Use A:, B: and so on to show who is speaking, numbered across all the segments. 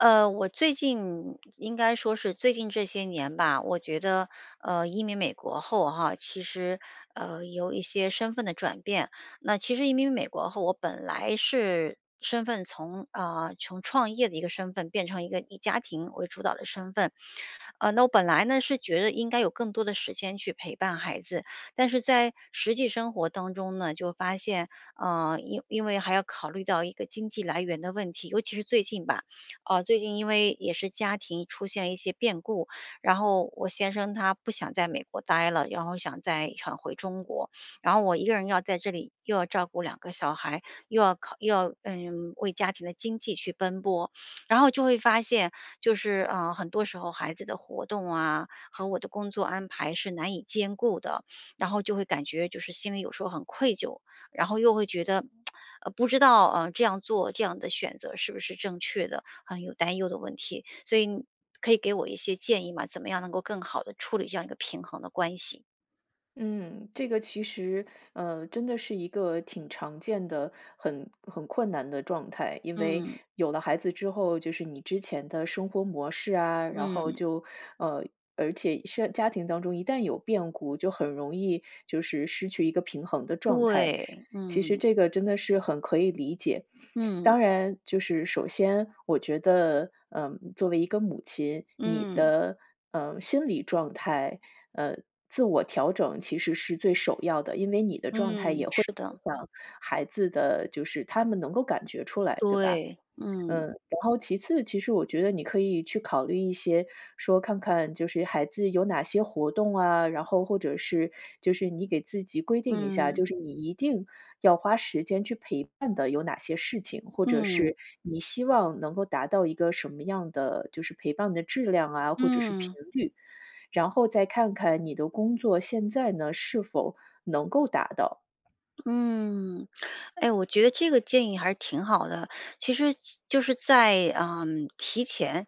A: 呃，我最近应该说是最近这些年吧，我觉得，呃，移民美国后哈，其实，呃，有一些身份的转变。那其实移民美国后，我本来是身份从呃，从创业的一个身份变成一个以家庭为主导的身份。呃，那我本来呢，是觉得应该有更多的时间去陪伴孩子，但是在，实际生活当中呢，就发现，啊，因因为还要考虑到一个经济来源的问题。尤其是最近吧，啊，最近因为也是家庭出现一些变故，然后我先生他不想在美国呆了，然后想再想回中国。然后我1个人要在这里又要照顾2个小孩，又要考又要，嗯，为家庭的经济去奔波。然后就会发现，就是，啊，很多时候孩子的活动啊，和我的工作安排是难以兼顾的。然后就会感觉就是心里有时候很愧疚，然后又会觉得，呃，不知道，啊，这样做、这样的选择是不是正确的，很有担忧的问题。所以你，可以给我一些建议吗，怎么样能够更好地处理这样一个平衡的关系？
B: 嗯，这个其实，呃，真的是一个挺常见的，很很困难的状态。因为
A: 嗯。
B: 有了孩子之后，就是你之前的生活模式啊，然后
A: 嗯。
B: 就呃，而且是家庭当中一旦有变故，就很容易就是失去一个平衡的状态，
A: 对，
B: 其实
A: 嗯。
B: 这个真的是很可以理解。
A: 嗯。
B: 当然就是首先我觉得，呃，作为一个母亲，你
A: 嗯。
B: 的，呃，心理状态呃，自我调整其实是最首要的。因为你的状态
A: 嗯，
B: 也会
A: 是的。
B: 影响孩子的就是他们能够感觉出来，对吧？
A: 对，嗯。
B: 嗯，然后其次，其实我觉得你可以去考虑一些说看看就是孩子有哪些活动啊，然后或者是就是你给自己规定一下，
A: 嗯。
B: 就是你一定要花时间去陪伴的有哪些事情，或者
A: 嗯。
B: 是你希望能够达到一个什么样的就是陪伴的质量啊，或者是频
A: 嗯。
B: 率。然后再看看你的工作现在呢，是否能够达到。
A: 嗯。哎，我觉得这个建议还是挺好的。其实就是在，呃，提前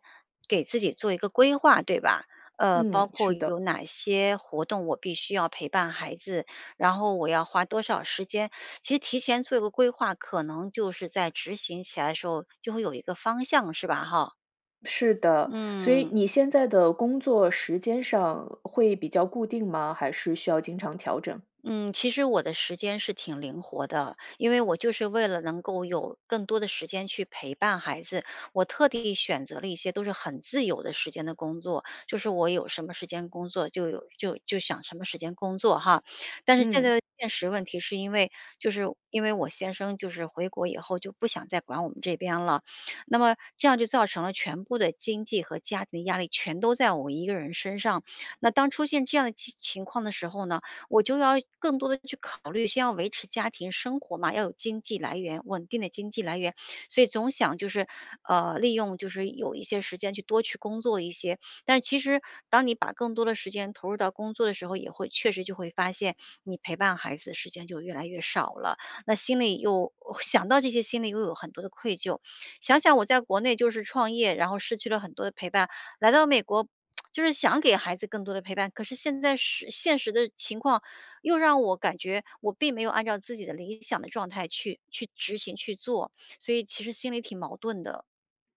A: 给自己做一个规划，对吧？呃，包
B: 嗯，
A: 括
B: 是
A: 有
B: 的。
A: 哪些活动，我必须要陪伴孩子，然后我要花多少时间。其实提前做一个规划，可能就是在执行起来的时候就会有一个方向，是吧？哈。
B: 是的，所以
A: 嗯。
B: 你现在的工作时间上，会比较固定吗，还是需要经常调整？
A: 嗯，其实我的时间是挺灵活的，因为我就是为了能够有，更多的时间去陪伴孩子，我特地选择了一些都是很自由的时间的工作，就是我有什么时间工作就有就就想什么时间工作哈。但是现在
B: 嗯。
A: 的现实问题是因为，就是因为我先生就是回国以后就不想再管我们这边了，那么这样就造成了全部的经济和家庭的压力全都在我一个人身上。那当出现这样的情情况的时候呢，我就要更多的去考虑先要维持家庭生活嘛，要有经济来源，稳定的经济来源，所以总想就是，呃，利用就是有一些时间去多去工作一些。但是其实当你把更多的时间投入到工作的时候也会确实就会发现，你陪伴孩子时间就越来越少了。那心里又想到这些心里又有很多的愧疚。想想我在国内就是创业，然后失去了很多的陪伴，来到美国，就是想给孩子更多的陪伴。可是现在是现实的情况又让我感觉我并没有按照自己的理想的状态去去执行去做，所以其实心里挺矛盾的。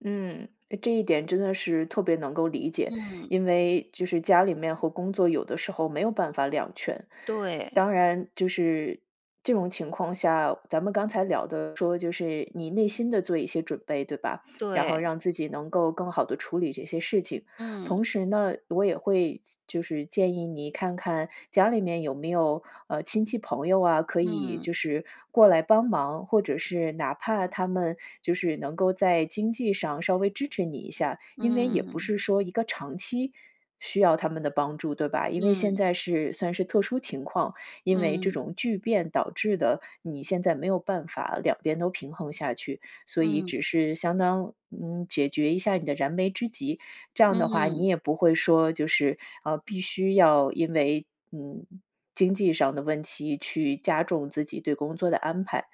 B: 嗯，呃，这一点真的是特别能够理解。
A: 嗯。
B: 因为，就是家里面和工作有的时候没有办法两全。
A: 对。
B: 当然，就是，这种情况下，咱们刚才聊的说就是你内心的做一些准备，对吧？然后
A: 对。
B: 让自己能够更好地处理这些事情。
A: 嗯。
B: 同时呢，我也会建就是建议你看看家里面有没有，呃，亲戚朋友啊，可以
A: 嗯。
B: 就是过来帮忙，或者是哪怕他们就是能够在经济上稍微支持你一下，因为，也不
A: 嗯。
B: 是说一个长期，需要他们的帮助，对吧？因为现
A: 嗯。
B: 在是算是特殊情况，因为这
A: 嗯。
B: 种巨变导致的，你现在没有办法两边都平衡下去，所以
A: 嗯。
B: 只是相当，嗯，解决一下你的燃眉之急。这样的话，你
A: 嗯。
B: 也不会说，就是，啊，必须要因为，嗯，经济上的问题去加重自己对工作的安排。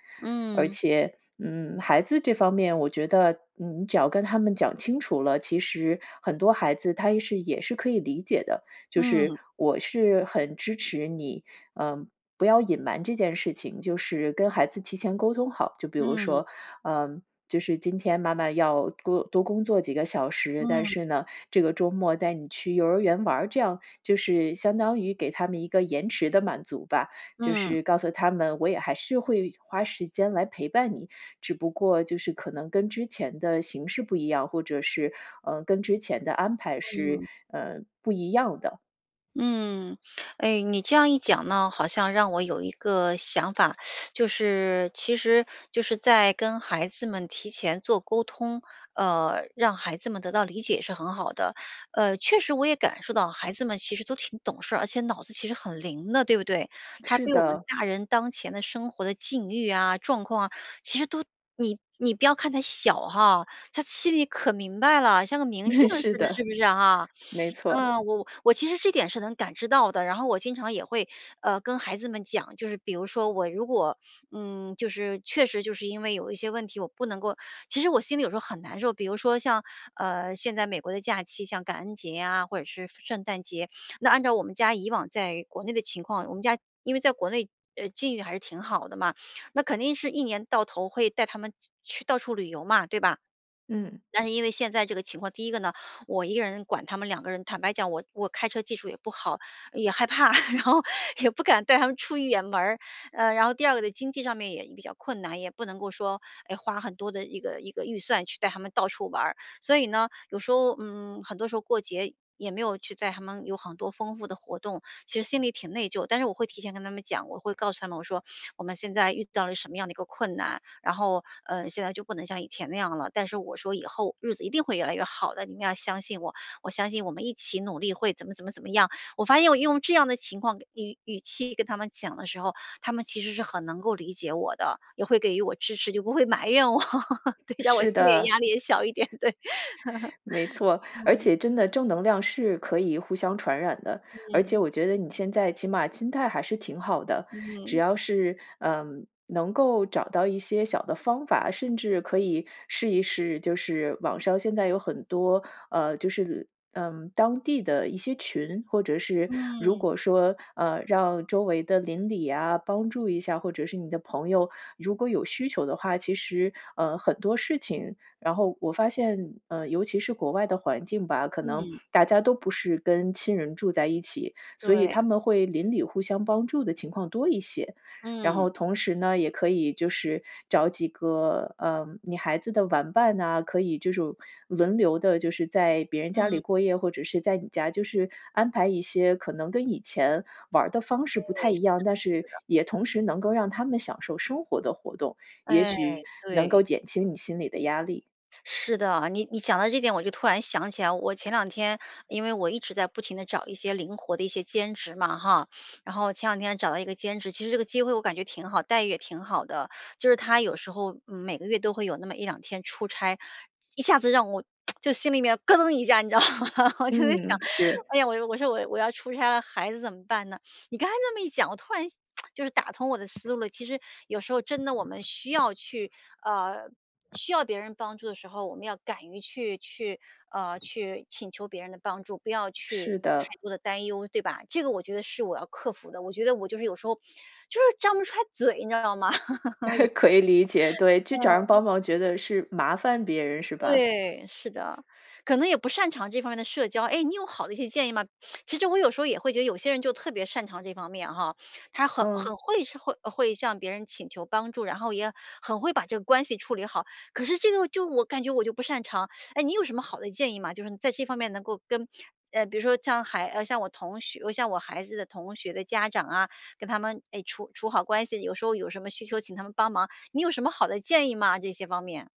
B: 而
A: 嗯。
B: 且，嗯，孩子这方面，我觉得你只要跟他们讲清楚了，其实很多孩子他也是也是可以理解的。就是
A: 嗯。
B: 我是很支持你，呃，不要隐瞒这件事情，就是跟孩子提前沟通好，就比如
A: 嗯。
B: 说，呃，就是：“今天妈妈要多多工作几个小时，但
A: 嗯。
B: 是呢，这个周末带你去幼儿园玩儿。”这样，就是相当于给他们一个延迟的满足吧，就
A: 嗯。
B: 是告诉他们我也还是会花时间来陪伴你，只不过就是可能跟之前的形式不一样，或者是，呃，跟之前的安排是，
A: 嗯。
B: 呃，不一样的。
A: 嗯，哎，你这样一讲呢，好像让我有一个想法，就是其实就是在跟孩子们提前做沟通，呃，让孩子们得到理解是很好的，呃，确实我也感受到孩子们其实都挺懂事儿，而且脑子其实很灵的，对不对？他
B: 是
A: 对我们
B: 的。
A: 大人当前的，生活的境遇啊、状况啊，其实都你你不要看他小哈，他心里可明白了，像个明镜 儿似
B: 是
A: 的，
B: 的，
A: 是不是啊？
B: 没错。
A: 呃，我我其实这点是能感知到的，然后我经常也会，呃，跟孩子们讲，就是比如说我如果，嗯，就是确实就是因为有一些问题，我不能够其实我心里有时候很难受，比如说像，呃，现在美国的假期，像感恩节啊，或者是圣诞节，那按照我们家以往在国内的情况，我们家因为在国内境遇还是挺好的嘛，那肯定是一年到头会带他们去到处旅游嘛，对吧？
B: 嗯。
A: 但是因为现在这个情况，第一个呢，我1个人管他们2个人，坦白讲我我开车技术也不好，也害怕，然后也不敢带他们出远门儿。呃，然后第二个的经济上面也比较困难，也不能够说，哎，花很多的一个一个预算，去带他们到处玩儿。所以呢，有时候，嗯，很多时候过节也没有去带他们有很多丰富的活动，其实心里挺内疚。但是我会提前跟他们讲，我会告诉他们我说：“我们现在遇到了什么样的一个困难，然后，呃，现在就不能像以前那样了，”但是我说：“以后日子一定会越来越好的，你们要相信我，我相信我们一起努力，会怎么怎么怎么样。”我发现我用这样的情况语语气跟他们讲的时候，他们其实是很能够理解我的，也会给予我支持，就不会埋怨我，对，让我
B: 是
A: 心理
B: 的。
A: 压力也小一点，对。
B: 没错，而
A: 嗯。
B: 且真的正能量是可以互相传染的，而且
A: 嗯。
B: 我觉得你现在起码心态还是挺好的，只
A: 嗯。
B: 要是，呃能够找到一些小的方法，甚至可以试一试，就是网上现在有很多，呃，就是，嗯，当地的一些群，或者是，如
A: 嗯。
B: 果说，呃让周围的邻里啊，帮助一下，或者是你的朋友，如果有需求的话，其实，呃，很多事情然后我发现，呃尤其是国外的环境吧，可能
A: 嗯
B: 大家都不是跟亲人住在一起，所以
A: 对。
B: 他们会邻里互相帮助的情况多一些。然
A: 嗯。
B: 后同时呢，也可以就是找几个，呃，你孩子的玩伴呐，可以就是轮流的，就是在别人家里
A: 嗯。
B: 过夜，或者是在你家，就是安排一些可能跟以前玩儿的方式
A: 对，
B: 不太一
A: 是的
B: 样，但是
A: 是的。
B: 也同时能够让他们享受生活的活动，也
A: 哎，
B: 许能够
A: 对。
B: 减轻你心里的压力。
A: 是的，你你讲到这点，我就突然想起来，我前两天因为我一直在不停地找一些灵活的一些兼职嘛，哈。然后前两天找到一个兼职，其实这个机会我感觉挺好，待遇也挺好的，就是他有时候每个月都会有那么1-2天出差，一下子让我，就心里面咯噔一下，你知道吗？我就在想，
B: 嗯，是。
A: 哎呀，我说：“我我要出差了孩子怎么办呢？”你刚才这么一讲，我突然 就是打通我的思路。其实有时候真的我们需要去，呃，需要别人帮助的时候，我们要敢于去去，啊，去请求别人的帮助，不要去
B: 是的。
A: 太多的担忧，对吧？这个我觉得是我要克服的。我觉得我就是有时候，就是张不开嘴，你知道吗？
B: 可以理解，对，去找人
A: 嗯。
B: 帮忙觉得是麻烦别人是吧？
A: 对，是的，可能也不擅长这方面的社交。哎，你有好的一些建议吗？其实我有时候也会觉得，有些人就特别擅长这方面哈，他很
B: 嗯。
A: 很会，会会向别人请求帮助，然后也很会把这个关系处理好。可是这个就我感觉我就不擅长。哎，你有什么好的建议吗？就是你在这方面能够跟比如说向孩向我同学向我孩子的同学的家长啊，跟他们，哎，处处好关系，有时候有什么需求请他们帮忙，你有什么好的建议吗？这些方面。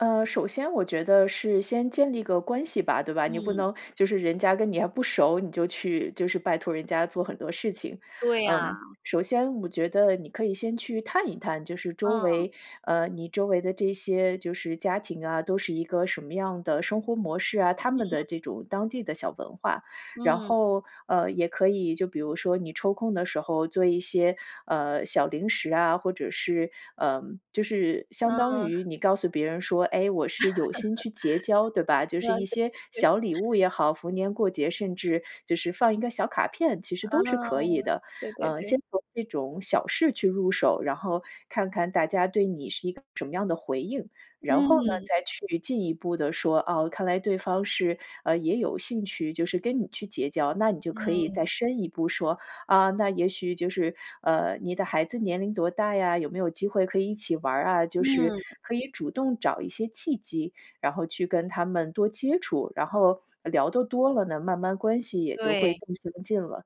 B: 呃，首先我觉得是先建立一个关系吧，对吧？你不
A: 嗯。
B: 能就是人家跟你还不熟，你就去就是拜托人家做很多事情。
A: 对呀。
B: 嗯，首先我觉得你可以先去探一探就是周
A: 嗯。
B: 围呃，你周围的这些就是家庭啊，都是一个什么样的生活模式啊，他们的
A: 嗯。
B: 这种当地的小文化。然
A: 嗯。
B: 后，呃，也可以，就比如说你抽空的时候做一些，呃，小零食啊，或者是呃，就是相当于
A: 嗯。
B: 你告诉别人说，哎，我是有心去结交对吧？就是
A: 啊，
B: 一
A: 对
B: 些
A: 对
B: 小礼物也好，逢年过节，甚至就是放一个小卡片，其实
A: 啊，
B: 都是可以的。
A: 对对
B: 呃，
A: 对。
B: 先从这种小事去入手，然后看看大家对你是一个什么样的回应。然后呢，
A: 嗯。
B: 再去进一步地说，啊，看来对方是，呃，也有兴趣，就是跟你去结交，那你就可以
A: 嗯。
B: 再深一步说，啊，那也许就是呃，你的孩子年龄多大呀？有没有机会可以一起玩儿啊？就是
A: 嗯。
B: 可以主动找一些契机，然后去跟他们多接触，然后聊得多了呢，慢慢关系也就会
A: 对。
B: 更亲近了。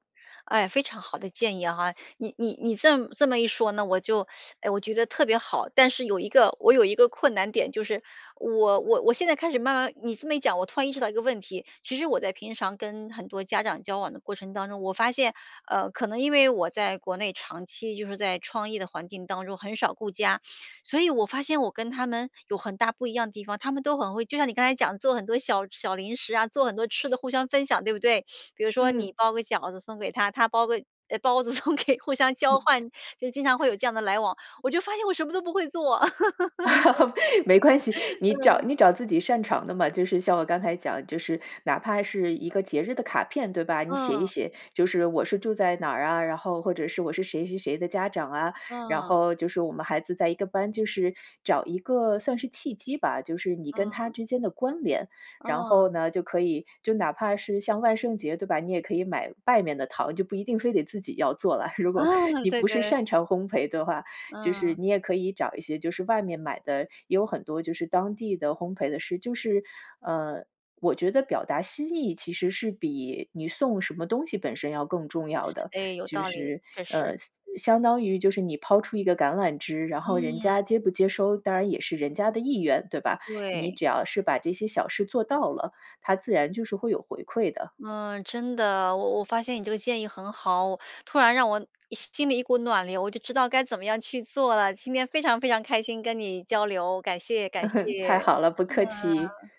A: 哎，非常好的建议哈，你你你这么这么一说呢，我就 哎，我觉得特别好。但是有一个我有一个困难点，就是我我我现在开始慢慢你这么一讲，我突然意识到一个问题。其实我在平常跟很多家长交往的过程当中，我发现，呃，可能因为我在国内长期就是在创意的环境当中很少顾家，所以我发现我跟他们有很大不一样地方。他们都很会就像你刚才讲做很多小小零食啊，做很多吃的互相分享对不对？比如说
B: 嗯。
A: 你包个饺子送给他，他包个包子送给互相交换，
B: 嗯。
A: 就经常会有这样的来往，我就发现我什么都不会做。
B: 没关系，你找
A: 嗯。
B: 你找自己擅长的嘛。就是像我刚才讲就是哪怕是一个节日的卡片，对吧？你写一
A: 嗯。
B: 写，就是我是住在哪儿啊，然后或者是我是谁谁谁的家长啊，然
A: 嗯。
B: 后就是我们孩子在一个班就是找一个算是契机吧，就是你跟他
A: 嗯。
B: 之间的关联。然
A: 嗯。
B: 后呢，就可以就哪怕是像万圣节对吧？你也可以买外面的糖，就不一定非得自己要做了。如果
A: 哦，
B: 你
A: 对
B: 不是
A: 对。
B: 擅长烘焙的话，就是
A: 嗯。
B: 你也可以找一些就是外面买的，也有很多就是当地的烘焙的是就是，呃，我觉得表达心意其实是比你送什么东西本身要更重要的。
A: 诶，有
B: 就
A: 道理，
B: 是，
A: 确实。
B: 呃，相相当于就是你抛出一个橄榄枝，然后人
A: 嗯。
B: 家接不接收，当然也是人家的意愿，对吧？你
A: 对。
B: 只要是把这些小事做到了，它自然就是会有回馈的。
A: 嗯，真的，我我发现你这个建议很好，突然让我心里一股暖流，我就知道该怎么样去做了。今天非常非常开心跟你交流，感谢感 谢。
B: 太好了，不客气。
A: 嗯。